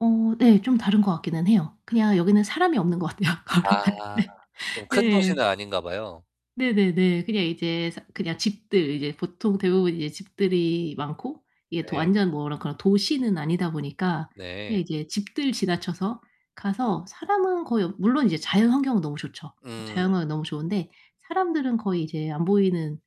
어 네. 좀 다른 것 같기는 해요. 그냥 여기는 사람이 없는 것 같아요, 걸어갈 아. 때. 좀 큰 네. 도시는 아닌가 봐요. 네네네. 그냥 이제 사 그냥 집들 이제 보통 대부분 이제 집들이 많고 이게 도 네. 완전 뭐 그런 그런 도시는 아니다 보니까 그냥 네. 이제 집들 지나쳐서 가서 사람은 거의 물론 이제 자연환경은 너무 좋죠. 음. 자연환경은 너무 좋은데 사람들은 거의 이제 안 보이는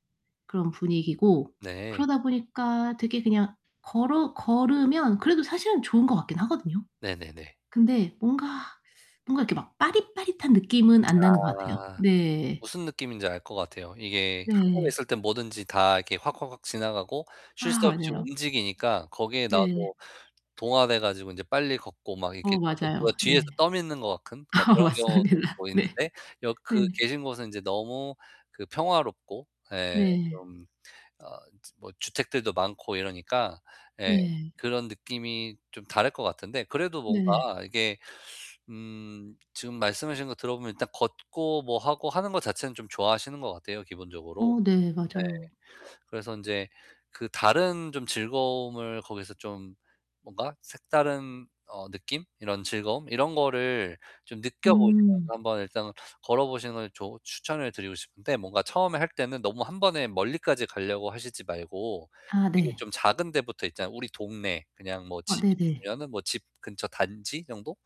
그런 분위기고 네. 그러다 보니까 되게 그냥 걸어 걸으면 그래도 사실은 좋은 것 같긴 하거든요. 네네네. 근데 뭔가 뭔가 이렇게 막 빠릿빠릿한 느낌은 안 나는 것 같아요. 아 네. 무슨 느낌인지 알 것 같아요. 이게 한국에 네. 있을 땐 뭐든지 다 이렇게 확확확 지나가고 쉴 아 새 없이 맞아요. 움직이니까 거기에 네. 나도 동화돼 가지고 인제 빨리 걷고 막 이렇게 어 뭔가 맞아요. 누가 뒤에서 네. 떠미는 것 같은 막 아 그런 경우도 맞습니다. 있고 네. 있는데 여 그 네. 계신 곳은 인제 너무 그 평화롭고 예 네. 좀 어 뭐 주택들도 많고 이러니까 예 네. 그런 느낌이 좀 다를 것 같은데 그래도 네. 뭔가 이게 음 지금 말씀하신 거 들어보면 일단 걷고 뭐 하고 하는 것 자체는 좀 좋아하시는 것 같아요, 기본적으로. 어 네. 맞아요. 네. 그래서 인제 그 다른 좀 즐거움을 거기서 좀 뭔가 색다른 어 느낌? 이런 즐거움? 이런 거를 좀 느껴보시면서 음. 한번 일단 걸어보시는 걸 조 추천을 드리고 싶은데 뭔가 처음에 할 때는 너무 1 번에 멀리까지 가려고 하시지 말고 아 이게 네. 좀 작은 데부터 있잖아요. 우리 동네 그냥 뭐 아 집이 네네. 있으면은 집 근처 단지 정도?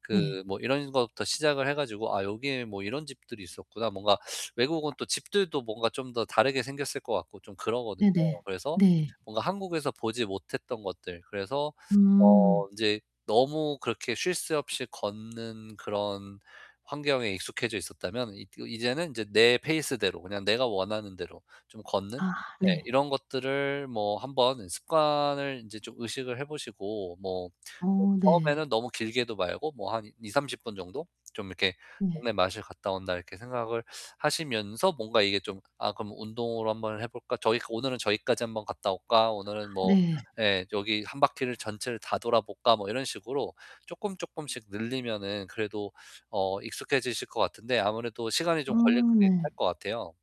그 네. 뭐 이런 것부터 시작을 해 가지고 '아 여기에 뭐 이런 집들이 있었구나.' 뭔가 외국은 또 집들도 뭔가 좀 더 다르게 생겼을 것 같고 좀 그러거든요. 네네. 그래서 네. 뭔가 한국에서 보지 못했던 것들 그래서 음. 어 인제 너무 그렇게 쉴 새 없이 걷는 그런 환경에 익숙해져 있었다면 이 이제는 이제 내 페이스대로 그냥 내가 원하는 대로 좀 걷는 아 네. 네. 이런 것들을 뭐 한번 습관을 인제 좀 의식을 해 보시고 뭐 어 어 네. 처음에는 너무 길게도 말고 뭐 한 20-30 분 정도 좀 이렇게 네. '동네 마실 갔다 온다.' 이렇게 생각을 하시면서 뭔가 이게 좀 '아 그럼 운동으로 한번 해 볼까? 저기 오늘은 저기까지 한번 갔다 올까? 아 오늘은 뭐 네. 예 여기 1 바퀴를 전체를 다 돌아볼까?' 뭐 이런 식으로 쪼끔쪼끔씩 늘리면은 그래도 어 익숙해지실 것 같은데 아무래도 시간이 아 좀 걸리긴 할 네. 것 같아요.